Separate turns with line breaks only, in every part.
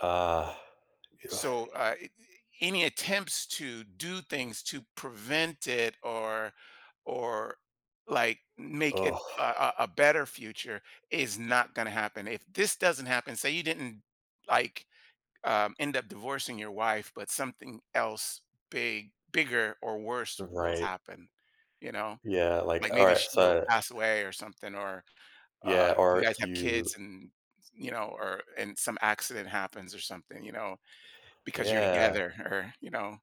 Ugh
So, uh, eh eh any attempts to do things to prevent it, or or, like, make it a a a better future, is not gonna happen. If this doesn't happen say you didn't, like, um, end up divorcing your wife, but something else big bigger, or worse will
Right.
happen. You know?
Yeah, like
Like, maybe
alright,
she'll
so I
pass away or something, or, uh,
Yeah,
you
or
guys have
you
kids, and, s you know, or and some accident happens, or something, you know. Because you're
Yeah.
together, or, you know.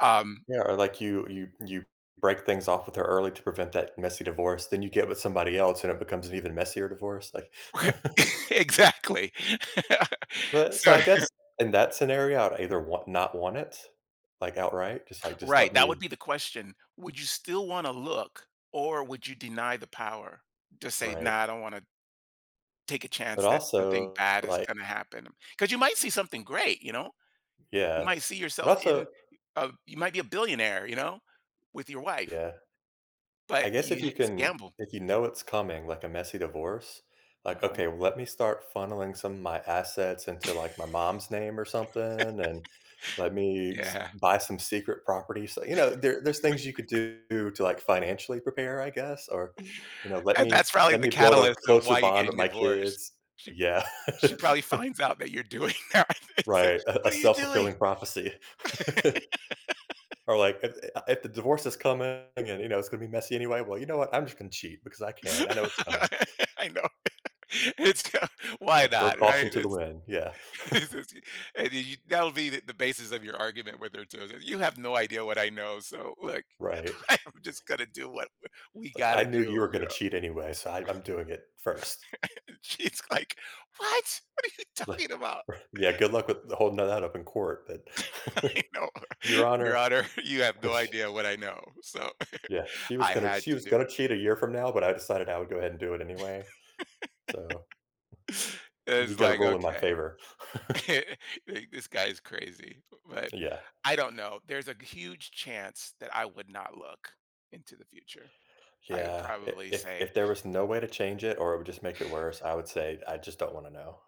Um
Yeah, or, like, you you you break things off with her early to prevent that messy divorce, then you get with somebody else, and it becomes an even messier divorce, like
Exactly.
But, so,
So
I guess, in that scenario, I'd either wa not want it. Like, outright. Just, like, just let
Right, that would
me
be the question. Would you still wanna look, or would you deny the power, to say,
Right.
"Nah, I don't wanna take a
But
chance that something
also,
bad is
like
gonna happen." 'Cause you might see something great, you know? You
Yeah.
might see
But
yourself in
also
uh, you might be a billionaire, you know? With your wife.
Yeah. I
But
guess if
you h
you
it's a
can
gamble.
if you know it's coming, like, a messy divorce, like,
Uh-huh.
okay, well let me start funneling some of my assets into, like, my mom's name or something, and let me s
Yeah.
buy some secret properties, l you know, there there's things you could do to, like, financially prepare, I guess? Or, you know, let
And
me
that's probably
let
the
me build a
catalyst of
closer
why you're
bond
getting
with my
divorced.
kids.
She
Yeah.
she probably finds out that you're doing that, and said,
Right, a a
"What are you doing?"
self-fulfilling prophecy. Or, like, if i uh if the divorce is coming, and, again, you know, it's gonna be messy anyway, well, you know what? I'm just gonna cheat because I can. I know it's coming.
I know, it it's t why
Like, throw
not, right?
caution to the
It's
wind, yeah.
it's it's it's and then you that'll be the the basis of your argument, whether it's her [unintelligible] "You have no idea what I know, so, look,
Right.
I'm just gonna do what w we
It's like,
gotta
"I knew you were
do," you
gonna
know?
cheat anyway, so I I'm doing it first."
And she's like, "What?! What are you
R
talking about?"
R Yeah, good luck with the holding that up in court, but
I know.
"Your
"Your
honor."
honor, you have no idea what I know, so,
Yeah, "She was
I
gonna
had
she
to
was
do
gonna
it."
cheat a year from now, but I decided I would go ahead and do it anyway. So, you
It's
gotta
like,
rule in my
"Okay.
favor."
The This guy is crazy," b but,
Yeah.
I don't know, there's a g huge chance that I would not look into the future. I would
Yeah, i
probably
if
say
if there was no way to change it, or it would just make it worse, I would say, "I just don't wanna know."